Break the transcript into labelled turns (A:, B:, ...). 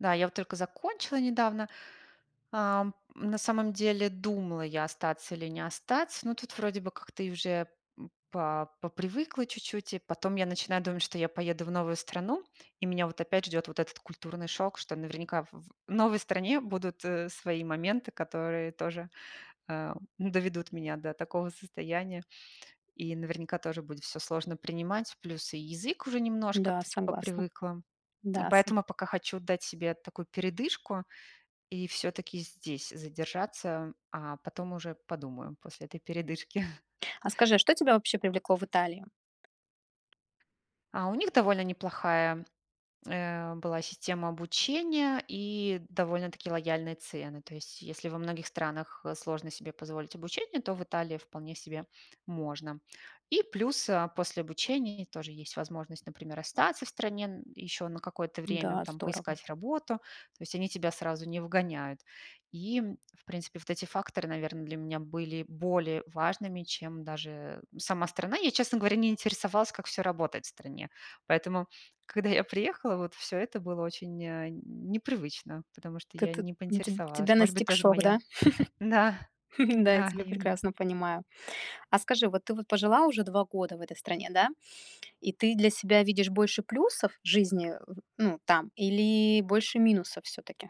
A: Да, я вот только закончила недавно, ам. На самом деле думала я остаться или не остаться, но тут вроде бы как-то уже, м, по попривыкла чуть-чуть. И потом я начинаю думать, что я поеду в новую страну, и меня вот опять ждёт вот этот культурный шок, что наверняка в в новой стране будут, э, свои моменты, которые тоже, э, доведут меня до такого состояния. И наверняка тоже будет всё сложно принимать. Плюс и язык уже немножко
B: Да,
A: тут
B: согласна.
A: попривыкла,
B: Да, са
A: поэтому пока хочу дать себе такую передышку и всё-таки здесь задержаться, а потом уже подумаю после этой передышки.
B: А скажи, что тебя вообще привлекло в Италии?
A: А у них довольно неплохая, э, была система обучения и довольно-таки лояльные цены. То есть, если во многих странах сложно себе позволить обучение, то в Италии вполне себе можно. И плюс, а, после обучения тоже есть возможность, например, остаться в стране н еще на какое-то время,
B: Да,
A: там
B: здорово.
A: поискать работу. То есть они тебя сразу не выгоняют. И, м, в принципе, вот эти факторы, наверно, для меня были более важными, чем даже сама страна. Я, честно говоря, не интересовалась, как всё работает в стране. Поэтому, когда я приехала, вот всё это было очень, э, не непривычно, потому что
B: Ты
A: я
B: ты
A: не
B: Теб тебя
A: поинтересовалась. Может быть,
B: настиг
A: тоже
B: шок,
A: моя
B: да?
A: Да.
B: Да, я
A: Да,
B: тебя
A: именно.
B: прекрасно понимаю. А скажи, вот ты вот пожила уже 2 в этой стране, да, и ты для себя видишь больше плюсов в жизни, э, ну, там или больше минусов всё-таки?